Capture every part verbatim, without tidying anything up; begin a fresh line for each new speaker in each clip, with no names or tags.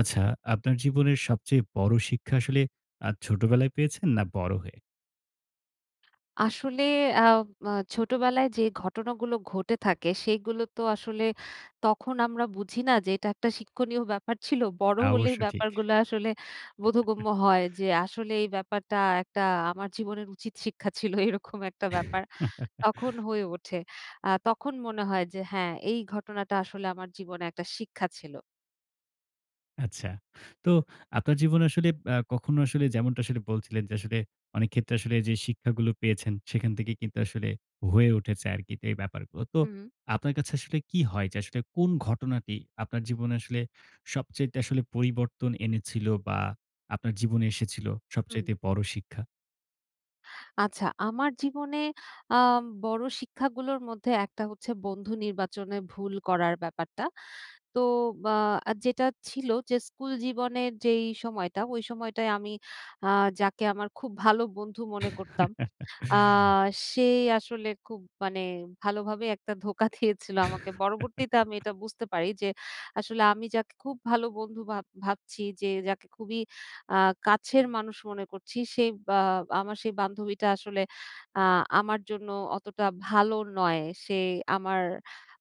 আচ্ছা, আপনার জীবনের সবচেয়ে বড় শিক্ষা আসলে আ ছোটবেলায় পেয়েছেন না বড় হয়ে?
আসলে আম আ ছোটবেলায় যে ঘটনাগুলো ঘটে থাকে, সেগুলো তো আসলে তখন আমরা বুঝি না যে, এটা একটা শিক্ষণীয় ব্যাপার ছিল। বড়
তা
হলেই
অবশ্য ঠিক।
ব্যাপারগুলো আসলে বোধগম্য হয় যে, আসলে এই ব্যাপারটা একটা আমার জীবনের উচিত শিক্ষা ছিল, এরকম একটা ব্যাপার তখন হয়ে ওঠে। আ তখন মনে হয় যে হ্যাঁ, এই ঘটনাটা আসলে আমার জীবনে একটা শিক্ষা ছিল।
আচ্ছা। তো আপনার জীবনে আসলে আ কখনো আসলে যেমনটা আসলে বলছিলেন যে, আসলে অনেক ক্ষেত্রে আসলে যে শিক্ষাগুলো পেয়েছেন, সেখান থেকে কিন্তু আসলে হয়ে উঠেছে আরকি এই ব্যাপারগুলো। তো
হুম।
আপনার কাছে আসলে কী হয় যে, আসলে কোন ঘটনাটি আপনার জীবনে আসলে সবচাইতে আসলে পরিবর্তন এনেছিল বা আপনার জীবনে এসেছিল,
হুম।
সবচাইতে বড় শিক্ষা?
আচ্ছা, আমার জীবনে আম বড় শিক্ষাগুলোর মধ্যে একটা হচ্ছে, বন্ধু নির্বাচনে ভুল করার ব্যাপারটা। তো আ যেটা ছিল যে, স্কুল জীবনের যেই সময়টা, ওই সময়টায় আমি আ যাকে আমার খুব ভালো বন্ধু মনে করতাম, আ সে আসলে খুব মানে ভালোভাবে একটা ধোঁকা দিয়েছিলো আমাকে। পরবর্তীতে আমি এটা বুঝতে পারি যে, আসলে আমি যাকে খুব ভালো বন্ধু ভাব ভাবছি যে যাকে খুবই আ কাছের মানুষ মনে করছি, সে বা আমার সেই বান্ধবীটা আসলে আ আমার জন্য অতটা ভালো নয়, সে আমার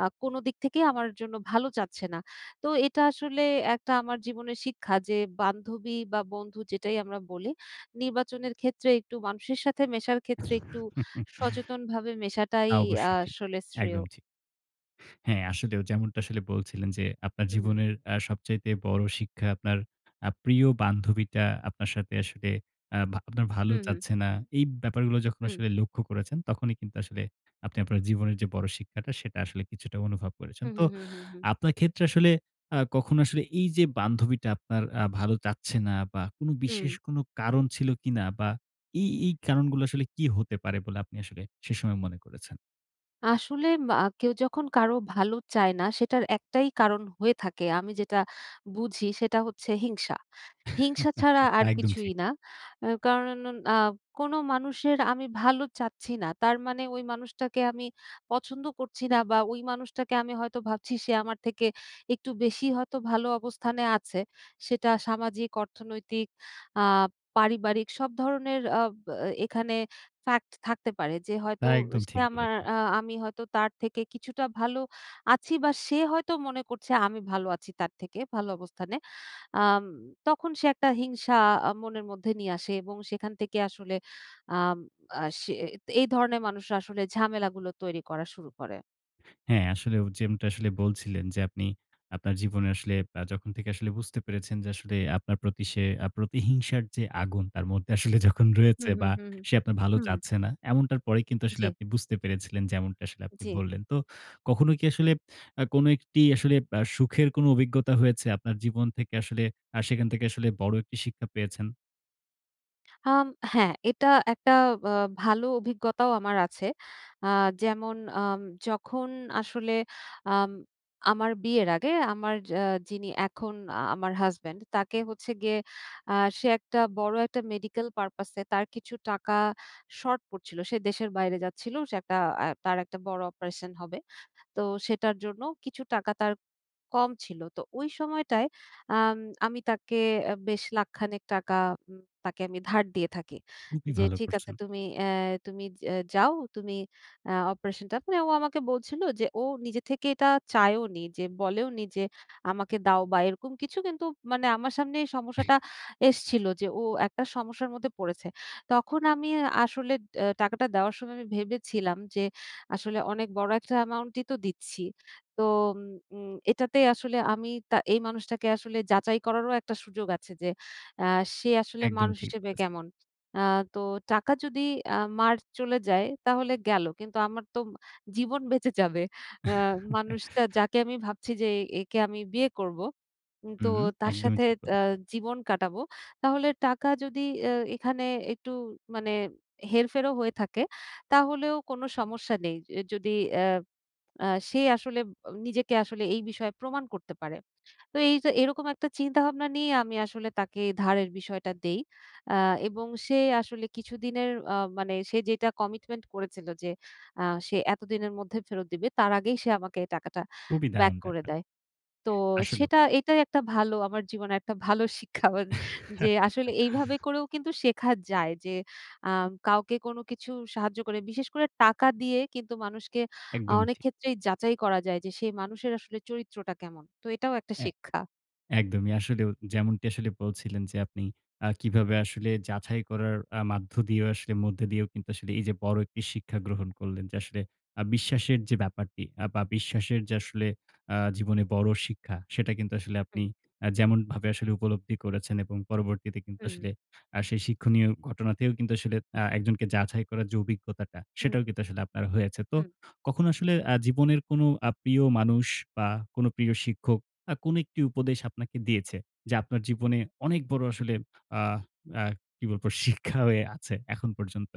আ কোনো দিক থেকেই আমার জন্য ভালো চাচ্ছে না। তো এটা আসলে একটা আমার জীবনের শিক্ষা যে, বান্ধবী বা বন্ধু যেটাই আমরা বলি; নির্বাচনের ক্ষেত্রে, একটু মানুষের সাথে মেশার ক্ষেত্রে একটু সচেতনভাবে
তা
মেশাটাই
অবশ্যই ঠিক।
আসলে শ্রেয়।
একদম ঠিক। হ্যাঁ, আসলেও যেমনটা আসলে বলছিলেন যে, আপনার
হুম, হুম।
জীবনের আ সবচাইতে বড় শিক্ষা, আপনার আ প্রিয় বান্ধবীটা আপনার সাথে আসলে, আ ভা আপনার ভালো
হুম, হুম।
চাচ্ছে না। এই ব্যাপারগুলো যখন
হুম।
আসলে লক্ষ্য করেছেন, তখনই কিন্তু আসলে আপনি আপনার জীবনের যে বড় শিক্ষাটা, সেটা আসলে কিছুটা অনুভব করেছেন।
হুম,
তো
হুম, হুম, হুম, হুম।
আপনার ক্ষেত্রে আসলে আ কখনো আসলে, এই যে বান্ধবীটা আপনার আ ভালো চাচ্ছে না বা কোনো বিশেষ
হুম।
কোনো কারণ ছিল কিনা বা এই, এই কারণগুলো আসলে কী হতে পারে বলে আপনি আসলে সে সময় মনে করেছেন?
আসলে ব আ কেউ যখন কারো ভালো চায় না সেটার একটাই কারণ হয়ে থাকে আমি যেটা বুঝি সেটা হচ্ছে হিংসা। হিংসা ছাড়া আর
একদম
কিছুই
ঠিক।
না এ কারণ আ কোনো মানুষের আমি ভালো চাচ্ছি না, তার মানে ওই মানুষটাকে আমি পছন্দ করছি না বা ওই মানুষটাকে আমি হয়তো ভাবছি সে আমার থেকে একটু বেশিই হয়তো ভালো অবস্থানে আছে। সেটা সামাজিক, অর্থনৈতিক, আ পারিবারিক সব ধরনের আ ব এ এখানে ফ্যাক্ট থাকতে পারে। যে হয়তো
না, একদম
সে
ঠিক
আমার
বলেছেন।
আ আমি হয়তো তার থেকে কিছুটা ভালো আছি বা সে হয়তো মনে করছে আমি ভালো আছি তার থেকে, ভালো অবস্থানে। আম তখন সে একটা হিংসা আ মনের মধ্যে নিয়ে আসে এবং সেখান থেকে আসলে আম আ সে এ এই ধরনের মানুষরা আসলে ঝামেলাগুলো তৈরি করা শুরু করে।
হ্যাঁ আসলে হু যেমনটা আসলে বলছিলেন যে আপনি আপনার জীবনে আসলে আ যখন থেকে আসলে বুঝতে পেরেছেন, যে আসলে আপনার প্রতি সে আ প্রতিহিংসার যে আগুন তার মধ্যে আসলে যখন
হুম,
রয়েছে
হুম,
বা
হুম, হুম।
সে আপনার ভালো
হুম।
চাচ্ছে না। এমনটার পরে কিন্তু আসলে
জ্বি।
আপনি বুঝতে পেরেছিলেন যেমনটা আসলে আপনি
জ্বি।
বললেন। তো কখনো কি আসলে আ কোনো একটি আসলে ব আ সুখের অভিজ্ঞতা হয়েছে? আপনার জীবন থেকে আসলে আ সেখান থেকে আসলে বড় একটি শিক্ষা পেয়েছেন?
আম হ্যাঁ, এটা একটা বা ভালো অভিজ্ঞতাও আমার আছে। আ যেমন আম যখন আসলে আম আমার বিয়ের আগে আমার আ যিনি এখন আমার হাসব্যান্ড, তাকে হচ্ছে গিয়ে আ সে একটা বড় একটা মেডিকেল purpose এ তার কিছু টাকা শর্ট পড়ছিলো, সে দেশের বাইরে যাচ্ছিলো। সে একটা আ তার একটা বড় অপারেশন হবে। তো সেটার জন্য কিছু টাকা তার কম ছিল। তো ওই সময়টায় আম আমি তাকে এ বেশ লাখখানেক টাকা উম তাকে আমি ধার দিয়ে থাকি।
খুবই
যে,
ভালো
"ঠিক আছে,
করছেন।
তুমি অ্যা তুমি যে যাও। তুমি আ অপারেশনটা" মানে ও আমাকে বলছিল যে, ও নিজে থেকে এটা চায়ওনি। যে বলেওনি, যে, "আমাকে দাও" বা, এরকম কিছু। কিন্তু মানে আমার সামনে সমস্যাটা এসছিলো যে, ও একটা সমস্যার মধ্যে পড়েছে। তখন আমি এ আসলে এ টাকাটা দেওয়ার সময় আমি ভেবেছিলাম যে, আসলে অনেক বড় একটা অ্যামাউন্টই তো দিচ্ছি, তো উ উম এটাতেই আসলে আমি তা এই মানুষটাকে আসলে যাচাই করারও একটা সুযোগ আছে যে, অ্যা সে আসলে
একদম
মানুষ
ঠিক
হিসেবে
বলেছেন।
কেমন? আ তো টাকা যদি আ মার চলে যায়, তাহলে গেলো। কিন্তু আমার তো জীবন বেঁচে যাবে। আ মানুষটা, যাকে আমি ভাবছি যে, এ একে আমি বিয়ে করবো। উম তো
হুম,
তার
একদমই
সাথে
ঠিক বল
তা জীবন কাটাবো। তাহলে টাকা যদি এ এখানে একটু মানে হেরফেরও হয়ে থাকে, তাহলেও কোনো সমস্যা নেই। এ যদি অ্যা আ সে আসলে ব নিজেকে আসলে এই বিষয়ে প্রমাণ করতে পারে। ত এই তো এরকম একটা চিন্তাভাবনা নিয়ে আমি আসলে তাকে ধারের বিষয়টা দেই। আ এবং সে আসলে কিছুদিনের আ মানে সে যেটা কমিটমেন্ট করেছিল যে, আ সে এতদিনের মধ্যে ফেরত দিবে, তার আগেই সে আমাকে টাকাটা
খুবই
ব্যাক
দারুণ
করে
ব্যাপার।
দেয়। তো
আসলেও।
সেটা এটাই একটা ভালো আমার জীবনে একটা ভালো শিক্ষা [unintelligible] যে, আসলে এইভাবে করেও কিন্তু শেখা যায় যে, আম কাউকে কোনো কিছু সাহায্য করে বিশেষ করে টাকা দিয়ে কিন্তু মানুষকে আ
একদমই ঠিক।
অনেকক্ষেত্রেই যাচাই করা যায় যে, সে মানুষের আসলে চরিত্রটা কেমন? তো এটাও একটা
হ্যাঁ,
শিক্ষা।
একদমই। আসলেও, যেমনটি আসলে বলছিলেন যে, আপনি আ কিভাবে আসলে যাছাই করার আ মাধ্য দিয়েও আসলে মধ্য দিয়েও আসলে কিন্তু এইযে বড় একটি শিক্ষা গ্রহণ করলেন যে, আসলে আ বিশ্বাসের যে ব্যাপারটি আ বা, বিশ্বাসের যে আসলে আ জীবনে বড় শিক্ষা, সেটা কিন্তু আসলে
হুম।
আপনি আ যেমনভাবে আসলে উপলব্ধি করেছেন। এবং পরবর্তীতে কিন্তু
হুম।
আসলে আ সেই শিক্ষণীয় ঘটনাতেও কিন্তু আসলে আ একজনকে যাছাই করার যে অভিজ্ঞতাটা,
হুম।
সেটাও কিন্তু আসলে আপনার হয়েছে। তো
হুম।
কখনো আসলে আ জীবনের কোনো আ প্রিয় মানুষ বা, কোনো প্রিয় শিক্ষক আ কোনো একটি উপদেশ আপনাকে দিয়েছে? যা আপনার জীবনে অনেক বড় আসলে আ আ কি বলবো? শিক্ষা হয়ে আছে এখন পর্যন্ত?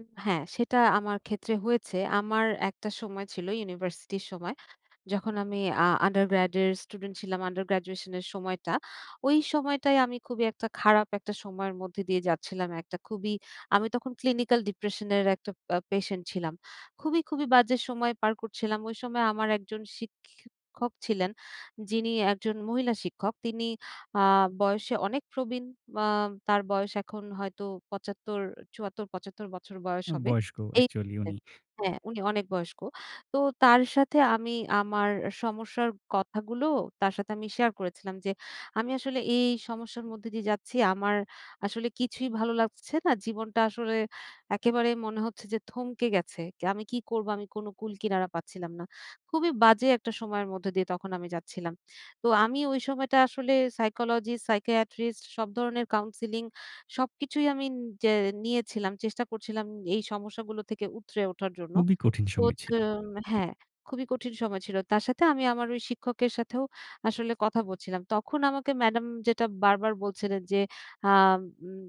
উম হ্যাঁ, সেটা আমার ক্ষেত্রে হয়েছে। আমার একটা সময় ছিল, ইউনিভার্সিটির সময়। যখন আমি আ undergrade এর স্টুডেন্ট ছিলাম under graduation এর সময়টা। ওই সময়টায় আমি খুবই একটা খারাপ একটা সময়ের মধ্যে দিয়ে যাচ্ছিলাম। একটা খুবই আমি তখন ক্লিনিক্যাল ডিপ্রেসান এর একটা পা পেশেন্ট ছিলাম। খুবই, খুবই বাজে সময় পার করছিলাম। ওই সময় আমার একজন শিখিক্ষক ছিলেন। যিনি একজন মহিলা শিক্ষক। তিনি আ বয়সে অনেক প্রবীণ। মা তার বয়স এখন হয়তো পঁচাত্তর, চুয়াত্তর/পঁচাত্তর বছর বয়স
উ
হবে।
বয়স্ক
এই
অ্যাকচুয়ালি
[unintelligible]
উনি।
হ্যাঁ, উনি অনেক বয়স্ক। তো তার সাথে আমি আমার আ সমস্যার কথাগুলো তার সাথে আমি শেয়ার করেছিলাম যে, "আমি আসলে এই সমস্যার মধ্যে দিয়ে যাচ্ছি, আমার আসলে কিছুই ভালো লাগছে না, জীবনটা আসলে একেবারে মনে হচ্ছে যে থমকে গেছে। কে আমি কি করবো?" আমি কোনো কুল কিনারা পাচ্ছিলাম না। খুবই বাজে একটা সময়ের মধ্যে দিয়ে তখন আমি যাচ্ছিলাম। তো আমি ওই সময়টা আসলে সাইকোলজিস্ট, সাইকিয়াট্রিস্ট, সব ধরনের কাউন্সেলিং, সবকিছুই আমি যে নিয়েছিলাম। চেষ্টা করছিলাম এই সমস্যাগুলো থেকে উতরে ওঠার জন্য।
খুবই কঠিন
তো
সময় ছিল।
তুন হ্যাঁ, খুবই কঠিন সময় ছিল। তার সাথে আমি আমার ওই শিক্ষকের সাথেও আসলে কথা বলছিলাম। তখন আমাকে ম্যাডাম যেটা বারবার বলছিলেন যে, আম উম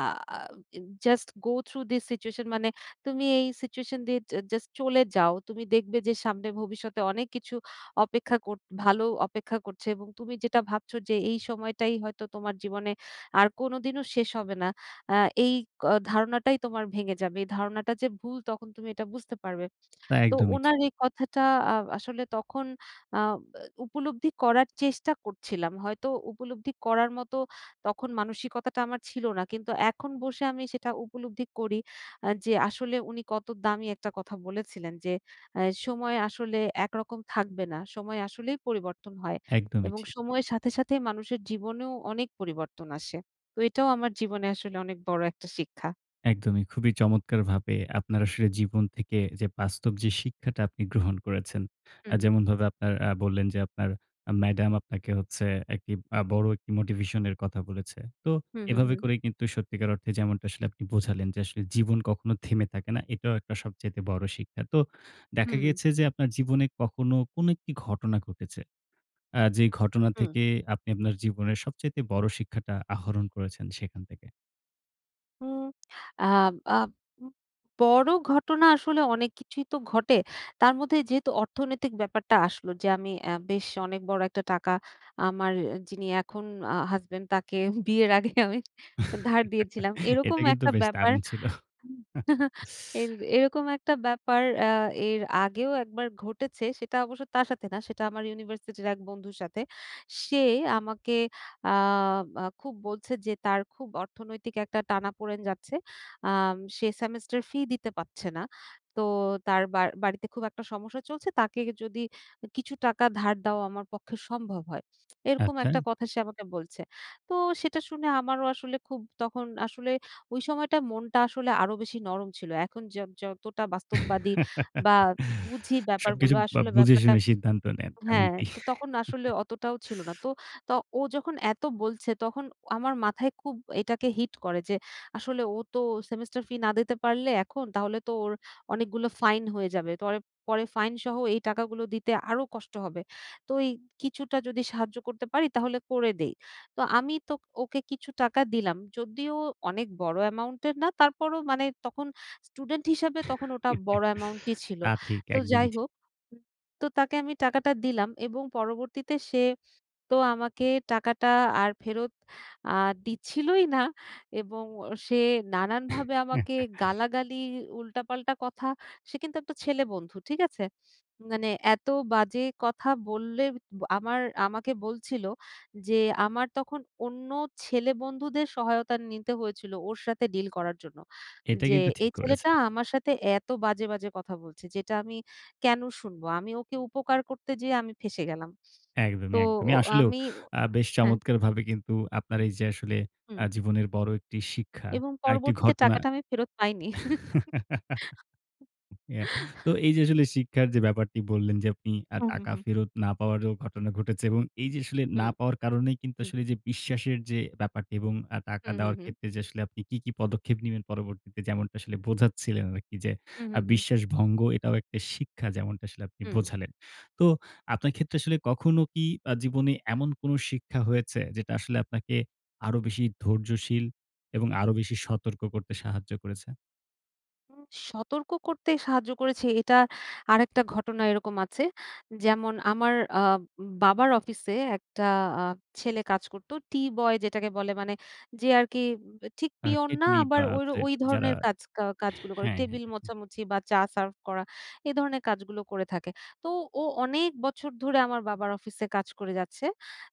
আ আ in "just go through this situation" মানে "তুমি এই সিচুয়েশন দিয়ে জা জাস্ট চলে যাও। তুমি দেখবে যে সামনে ভবিষ্যতে অনেক কিছু অপেক্ষা কর ভালো অপেক্ষা করছে এবং তুমি যেটা ভাবছো যে, এই সময়টাই হয়তো তোমার জীবনে আর কোনদিনও শেষ হবে না। আ এই ক ধারণাটাই তোমার ভেঙে যাবে। এই ধারণাটা যে ভুল, তখন তুমি এটা বুঝতে পারবে।"
তা
তো
একদমই ঠিক।
ওনার এই কথাটা আ আসলে তখন আব এ উপলব্ধি করার চেষ্টা করছিলাম, হয়তো উপলব্ধি করার মতো তখন মানসিকতাটা আমার ছিল না। কিন্তু এখন বসে আমি সেটা উপলব্ধি করি আ যে আসলে উনি কত দামি একটা কথা বলেছিলেন যে, আ সময় আসলে একরকম থাকবে না। সময় আসলেই পরিবর্তন হয়
একদমই
এবং
ঠিক।
সময়ের সাথে, সাথে মানুষের জীবনেও অনেক পরিবর্তন আসে। তো এটাও আমার জীবনে আসলে অনেক বড়ো একটা শিক্ষা।
একদমই। খুবই চমৎকারভাবে আপনার আসলে জীবন থেকে যে বাস্তব যে শিক্ষাটা আপনি গ্রহণ করেছেন, আ
হুম, হুম।
যেমনভাবে আপনারা আ বললেন যে আপনার ম্যাডাম আপনাকে হচ্ছে একটি আ বড় একটি মোটিভেশন এর কথা বলেছে। তো
হুম, হুম,
এভাবে
হুম।
করে কিন্তু সত্যিকার অর্থে যেমনটা আসলে আপনি বোঝালেন যে আসলে জীবন কখনো থেমে থাকে না। এটাও একটা সবচাইতে বড় শিক্ষা। তো দেখা
হুম।
গিয়েছে যে আপনার জীবনে কখনো কোনো একটি ঘটনা ঘটেছে। আ যে ঘটনা
হুম।
থেকে আপনি আপনার জীবনের সবচাইতে বড় শিক্ষাটা আহরণ করেছেন সেখান থেকে।
হুম আ আব বড় ঘটনা আসলে অনেক কিছুই তো ঘটে। তার মধ্যে যেহেতু অর্থনৈতিক ব্যাপারটা আসলো যে আমি এ বেশ অনেক বড় একটা টাকা আমার যিনি এখন অ হাসব্যান্ড তাকে বিয়ের আগে আমি ধার দিয়েছিলাম এরকম
এটা কিন্তু
একটা
বেশ
ব্যাপার,
দারুণ ছিল।
হু এর এরকম একটা ব্যাপার আ এর আগেও একবার ঘটেছে। সেটা অবশ্য তার সাথে না। সেটা আমার ইউনিভার্সিটির এক বন্ধুর সাথে। সে আমাকে আ আ খুব বলছে যে তার খুব অর্থনৈতিক একটা টানাপোড়েন যাচ্ছে। আম সে সেমিস্টার ফি দিতে পারছে না তো তার বা বাড়িতে খুব একটা সমস্যা চলছে তাকে যদি কিছু টাকা ধার দেওয়া আমার পক্ষে সম্ভব হয় এরকম
আচ্ছা।
একটা কথা সে আমাকে বলছে। তো সেটা শুনে আমারও আসলে খুব তখন আসলে ওই সময়টা মনটা আসলে আরো বেশি নরম ছিল এখন যত যতটা বাস্তববাদী বা বুঝি
সবকিছু
ব্যাপারগুলো
আব
আসলে
বুঝে
ব্যাপারটা
শুনে সিদ্ধান্ত নেন। এমন
হ্যাঁ
কি?
তো তখন আসলে অতটাও ছিল না। তো ত ও যখন এত বলছে তখন আমার মাথায় খুব এটাকে হিট করে যে, "আসলে ও তো সেমিস্টার ফি না দিতে পারলে এখন তাহলে তো ওর অনেকগুলো ফাইন হয়ে যাবে। তো পরে ফাইন সহ এই টাকাগুলো দিতে আরো কষ্ট হবে। তো এই কিছুটা যদি সাহায্য করতে পারি তাহলে করে দেই।" তো আমি তো ওকে কিছু টাকা দিলাম। যদিও অনেক বড় অ্যামাউন্টের না তারপরও মানে তখন স্টুডেন্ট হিসাবে তখন ওটা বড় অ্যামাউন্টই ছিল।
তা ঠিক,
তো
একদমই
যাই
ঠিক।
হোক তো তাকে আমি টাকাটা দিলাম এবং পরবর্তীতে সে তো আমাকে টাকাটা আর ফেরত আ দিচ্ছিলই না এবং অ সে নানানভাবে আমাকে গালাগালি, উল্টা, পাল্টা কথা, সে কিন্তু একটা ছেলে বন্ধু। ঠিক আছে? মানে এত বাজে কথা বললে আমার আমাকে বলছিলো যে আমার তখন অন্য ছেলেবন্ধুদের সহায়তা নিতে হয়েছিলো ওর সাথে ডিল করার জন্য।
এটা
যে
কিন্তু ঠিক
এই ছেলেটা
করেছেন।
আমার সাথে এত বাজে, বাজে কথা বলছে যেটা আমি কেন শুনবো আমি ওকে উপকার করতে যেয়ে আমি ফেঁসে গেলাম। তো
একদমই, একদমই।
অ
আসলেও
আমি
আ বেশ
হ্যাঁ
চমৎকারভাবে কিন্তু আপনার এই যে আসলে আ
হুম।
জীবনের বড় একটি শিক্ষা,
এবং
আ একটি
পরবর্তীতে
ঘটনা
টাকাটা আমি ফেরত পাইনি।
এ তো এই যে আসলে শিক্ষার যে ব্যাপারটি বললেন যে আপনি আ
হুম, হুম,
টাকা
হুম।
ফেরত না পাওয়ারও ঘটনা ঘটেছে এবং এই যে আসলে না
হুম,
পাওয়ার কারণেই কিন্তু
হুম।
আসলে যে বিশ্বাসের যে ব্যাপারটি এবং আ টাকা
হুম, হুম,
দেওয়ার
হুম।
ক্ষেত্রে আপনি কী, কী পদক্ষেপ নিবেন? পরবর্তীতে যেমনটা আসলে বোঝাচ্ছিলেন আরকি যে
হুম,
আ
হুম, হুম।
বিশ্বাস ভঙ্গ এটাও একটা শিক্ষা যেমনটা আসলে আপনি
হুম।
বোঝালেন। তো আপনার ক্ষেত্রে আসলে কখনো কি আ জীবনে এমন কোনো শিক্ষা হয়েছে? যেটা আসলে আপনাকে আরো বেশি ধৈর্যশীল এবং আরো বেশি সতর্ক করতে সাহায্য করেছে?
উ সতর্ক করতে সাহায্য করেছে এটা আরেকটা ঘটনা এরকম আছে, যেমন আমার আ বাবার অফিসে একটা আ ছেলে কাজ করত, টি বয় যেটাকে বলে। মানে যে আর কি উ ঠিক
আ
পিওন না
কিডনি,
আবার
বা
ওই র
যায়
ওই
যারা
ধরনের কাজ কাজগুলো করে
হ্যাঁ।
টেবিল মোছামুছি বা চা সার্ভ করা। এ ধরনের কাজগুলো করে থাকে। তো ও অনেক বছর ধরে আমার বাবার অফিসে কাজ করে যাচ্ছে।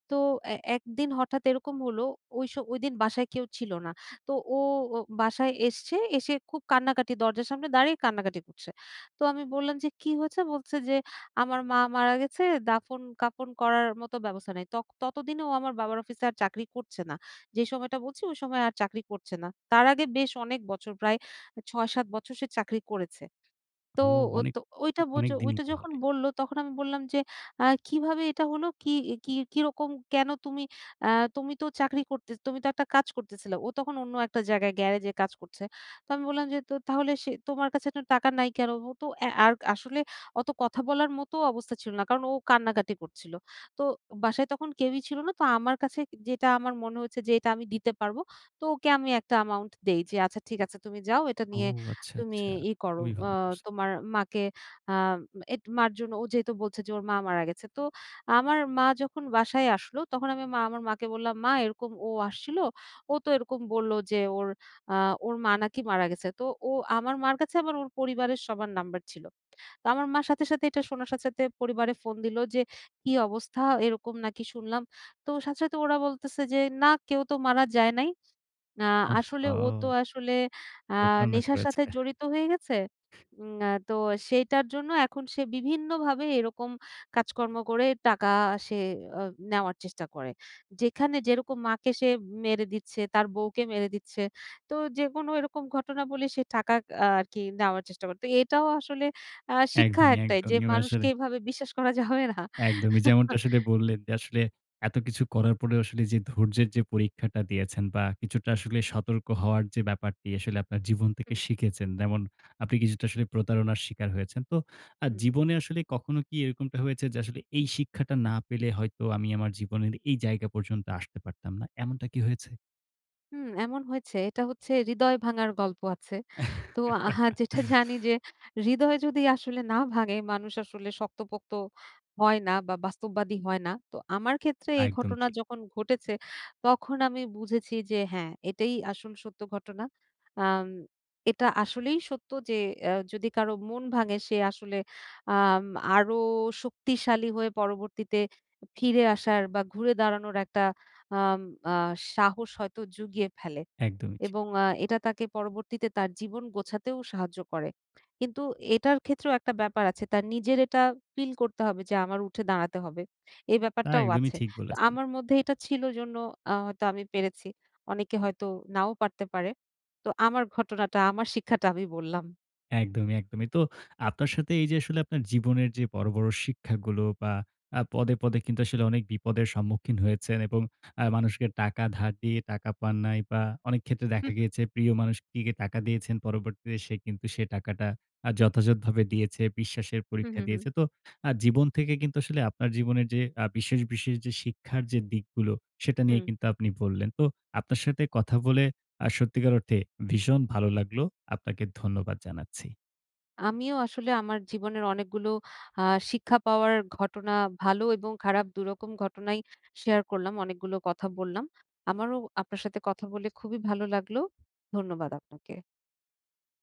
তো এ একদিন হঠাৎ এরকম হলো ওইস ওইদিন বাসায় কেউ ছিল না। তো ও বাসায় এসছে। এসে খুব কান্নাকাটি দরজার সামনে দাঁড়িয়ে কান্নাকাটি করছে। তো আমি বললাম যে, "কী হয়েছে?" বলছে যে, "আমার মা মারা গেছে দাফন-কাফন করার মতো ব্যবস্থা নেই।" ত ততদিনে ও আমার বাবার অফিসে আর চাকরি করছে না। যেই সময়টা বলছি ওই সময় আর চাকরি করছে না। তার আগে বেশ অনেক বছর প্রায় এ ছয়-সাত বছর সে চাকরি করেছে। তো
হু।
ও
অনেক,
তো ওইটা বচ
অনেক দিনই
ওইটা যখন
তাহলে।
বললো তখন আমি বললাম যে, "আ কিভাবে এটা হলো? কি কি কিরকম কেন? তুমি অ্যা তুমি তো চাকরি করতে তুমি তো একটা কাজ করতেছিলা।" ও তখন অন্য একটা জায়গায় গ্যারেজে কাজ করছে। তো আমি বললাম যে, "তো তাহলে সে তোমার কাছে টাকা নাই কেন?" ও তো অ্যা আ আর আসলে অত কথা বলার মতও অবস্থা ছিল না। কারণ ও কান্নাকাটি করছিল। তো বাসায় তখন কেউই ছিল না। তো আমার কাছে যেটা আমার মনে হয়েছে যে এটা আমি দিতে পারব। তো ওকে আমি একটা অ্যামাউন্ট দেই। যে, "আচ্ছা ঠিক আছে তুমি যাও। এটা
ও!
নিয়ে
আচ্ছা,
তুমি
আচ্ছা।
ইয় করো
খুবই
অ
ভালো করছে।
তোমার মাকে আ য়েত মার জন্য।" ও যেহেতু বলছে যে ওর মা মারা গেছে। তো আমার মা যখন বাসায় আসলো তখন আমি মা আমার মাকে বললাম, "মা এরকম ও আসছিল। ও তো এরকম বললো যে ওর আ ওর মা নাকি মারা গেছে।" তো ও আমার মার কাছে আবার ওর পরিবারের সবার নাম্বার ছিল। তো আমার মা সাথে, সাথে এটা শোনার সাথে, সাথে পরিবারে ফোন দিলো যে, "কি অবস্থা? এরকম নাকি শুনলাম?" তো সাথে, সাথে ওরা বলতেছে যে, "না কেউ তো মারা যায় নাই। আ আসলে ও তো
ওহহো!
আসলে আ
প্রতারণা
নেশার
করেছে।
সাথে জড়িত হয়ে গেছে। এম তো সেইটার জন্য এখন সে বিভিন্নভাবে এরকম কাজকর্ম করে টাকা সে আ নেওয়ার চেষ্টা করে। যেখানে যেরকম মাকে সে মেরে দিচ্ছে তার বউকে মেরে দিচ্ছে।" তো যেকোনো এরকম ঘটনা বলে সে টাকা আ আর কি নেওয়ার চেষ্টা করত। এটাও আসলে আ শিক্ষা
একদমই,
একটাই যে,
একদমই। এবং আসলে
মানুষকে এভাবে বিশ্বাস করা যাবে না।
একদমই। যেমনটা আসলে বললেন যে, আসলে এত কিছু করার পরেও আসলে যে ধৈর্যের যে পরীক্ষাটা দিয়েছেন। বা কিছুটা আসলে সতর্ক হওয়ার যে ব্যাপারটি। আসলে আপনার জীবন থেকে
হু।
শিখেছেন, যেমন আপনি কিছুটা আসলে প্রতারণার শিকার হয়েছেন। তো আ
হু।
জীবনে আসলে কখনো কি এরকমটা হয়েছে যে, আসলে এই শিক্ষাটা না পেলে হয়তো আমি আমার জীবনের এই জায়গা পর্যন্ত আসতে পারতাম না। এমনটা কি হয়েছে?
হুম, এমন হয়েছে। এটা হচ্ছে হৃদয় ভাঙার গল্প আছে। তো আহা যেটা জানি যে হৃদয় যদি আসলে না ভাঙে, মানুষ আসলে শক্তপোক্ত হয়না বা, বাস্তববাদী হয়না। তো আমার ক্ষেত্রে এই
একদম,
ঘটনা
জি।
যখন ঘটেছে, তখন আমি বুঝেছি যে, হ্যাঁ, এটাই আসল সত্য ঘটনা। আম এটা আসলেই সত্য যে এ যদি কারো মন ভাঙে, সে আসলে আম আরও শক্তিশালী হয়ে পরবর্তীতে ফিরে আসার বা, ঘুরে দাঁড়ানোর একটা আম আ সাহস হয়তো জুগিয়ে ফেলে
একদমই, জ্বি।
এবং আ এটা তাকে পরবর্তীতে তার জীবন গোছাতেও সাহায্য করে। কিন্তু এটার ক্ষেত্রেও একটা ব্যাপার আছে। তার নিজের এটা ফিল করতে হবে যে, আমার উঠে দাঁড়াতে হবে, এই
না,
ব্যাপারটাও
একদমই
আছে।
ঠিক
ত
বলেছেন।
আমার মধ্যে এটা ছিল, এজন্য আ হয়তো আমি পেরেছি। অনেকে হয়তো নাও পারতে পারে। তো আমার ঘটনাটা, আমার শিক্ষাটা আমি বললাম।
একদমই, একদমই। তো আপনার সাথে এইযে আসলে আপনার জীবনের যে বড়, বড় শিক্ষাগুলো বা, আ পদে, পদে কিন্তু আসলে অনেক বিপদের সম্মুখীন হয়েছেন এবং আ মানুষকে টাকা ধার দিয়ে টাকা পান নাই বা, অনেকক্ষেত্রে
হু,
দেখা
হু।
গিয়েছে প্রিয় মানুষটিকে টাকা দিয়েছেন, পরবর্তীতে সে কিন্তু সে টাকাটা আ যথাযথভাবে দিয়েছে, বিশ্বাসের
হু, হু,
পরীক্ষা
হু।
দিয়েছে। তো আ জীবন থেকে কিন্তু আসলে আপনার জীবনের যে আ বিশেষ, বিশেষ যে শিক্ষার যে দিকগুলো, সেটা নিয়ে
হুম।
কিন্তু আপনি বললেন। তো আপনার সাথে কথা বলে আ সত্যিকার অর্থে ভীষণ ভালো লাগলো। আপনাকে ধন্যবাদ জানাচ্ছি।
আমিও আসলে আমার জীবনের অনেকগুলো আ শিক্ষা পাওয়ার ঘটনা, ভালো এবং খারাপ, দুরকম ঘটনাই শেয়ার করলাম। অনেকগুলো কথা বললাম। আমারও আপনার সাথে কথা বলে খুবই ভালো লাগলো। ধন্যবাদ আপনাকে।